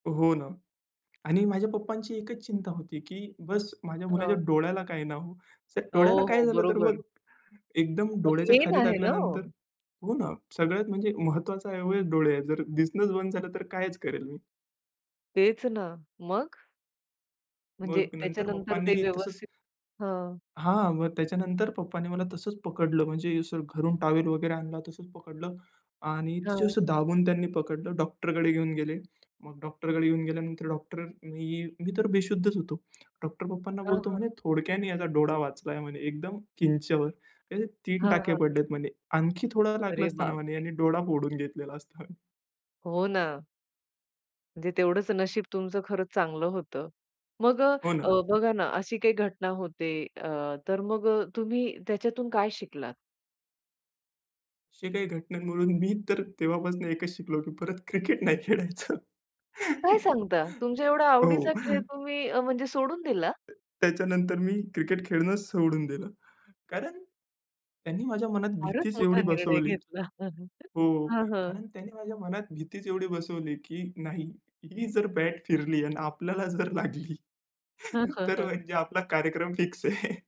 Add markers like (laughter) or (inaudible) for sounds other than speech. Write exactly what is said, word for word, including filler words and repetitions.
हो ना. आणि माझ्या पप्पांची एकच चिंता होती, की बस माझ्या मुलाच्या हां. डोळ्याला काय ना हो. जर डोळ्याला हो, काय हो, झालं तर बरोबर. मग एकदम डोळ्याच्या मेन खाली आहे ना लागल्यानंतर हो? हो ना, सगळ्यात म्हणजे महत्त्वाचं अवयव डोळे आहेत. जर दिसणंच बंद झालं तर कायच करेल मी. तेच ना, मग? म्हणजे मग नंतर त्याच्यानंतर ते पप्पांनी तसंच व्यवस्थित हां. हां, मग त्याच्यानंतर पप्पांनी मला तसंच पकडलं. म्हणजे असं घरून टॉवेल वगैरे आणला, तसंच पकडलं आणि तिथं हां. असं दाबून त्यांनी पकडलं, डॉक्टरकडे घेऊन गेले. मग डॉक्टरकडे घेऊन गेल्यानंतर डॉक्टर मी मी तर बेशुद्धच होतो. डॉक्टर पप्पांना हां, बोलतो हां. म्हणे, "थोडक्याने याचा डोळा वाचलाय." म्हणे, "एकदम किंच्यावर." "हे तीन हां, टाके हां. पडलेत." म्हणे. "आणखी थोडं लागलं अरे असता ना," बाप म्हणे, रे! "यानी डोळा फोडून घेतलेला असता." हो ना. म्हणजे तेवढंच नशीब तुमचं खरंच चांगलं होतं. मग हो अ, ना. बघा ना, अशी काही घटना होते अ, तर मग अ, तुम्ही त्याच्यातून काय शिकलात? अशी काही घटनांवरून मी तर तेव्हापासून एकच शिकलो, की परत क्रिकेट नाही खेळायचं. काय सांगता? तुमच्या एवढा हो. आवडीचा खेळ तुम्ही अ, म्हणजे सोडून दिला? अ, त्याच्यानंतर मी क्रिकेट खेळणंच सोडून दिलं. कारण त्यांनी माझ्या मनात फारच भीतीच मोठा एवढी निर्णय बसवली घेतला. हो, (chuckles) हं, हं. कारण त्याने माझ्या मनात भीतीच एवढी बसवली, की नाही ही जर बॅट फिरली आणि आपल्याला जर लागली, तर (chuckles) म्हणजे आपला कार्यक्रम फिक्स आहे.